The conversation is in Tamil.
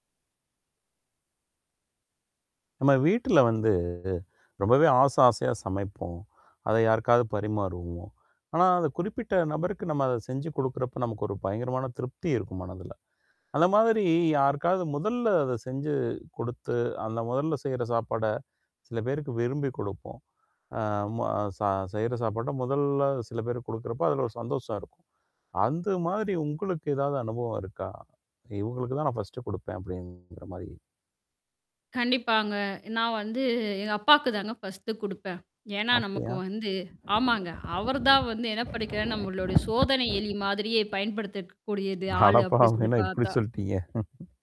நம்ம வீட்ல வந்து. ரொம்பவே ஆச ஆசையா சமைப்போம். அத யாருக்காவது பரிமாறுவோம். ஆனா, அது குறிப்பிட்ட நபருக்கு நம்ம அத செஞ்சு குடுக்குறப்ப நமக்கு ஒரு பயங்கரமான திருப்தி இருக்கும் மனதல. அந்த மாதிரி யாருக்காவது முதல்ல அத செஞ்சு குடுத்து, அந்த முதல்ல செய்ற சாப்பாட, சில பேருக்கு விரும்பிக் குடுப்போம். அ ம அ சா செய்ற சாப்பாட்ட முதல்ல சில பேரு குடுக்குறப்போ, அதுல ஒரு சந்தோஷம் இருக்கும். அந்த மாதிரி உங்களுக்கு ஏதாவது அனுபவம் இருக்கா? இவுங்களுக்கு தான் நான் ஃபர்ஸ்ட்ட் குடுப்பேன். அப்டிங்கிற மாரி. கண்டிப்பாங்க. நான் வந்து எங்க அப்பாக்கு தாங்க ஃபர்ஸ்ட்டு குடுப்பேன். ஏன்னா நமக்கு அப்டியா? வந்து ஆமாங்க. அவர் தான் வந்து என்ன பண்ணக்கிறா நம்மலுடைய சோதனை எலி மாதிரியே பயன்படுத்தக்கக்கூடியது ஆளு அப்டின்னு அடப்பாவமே! சொல்லி என்ன இப்படி பார்த்தா. சொல்ட்டீங்க?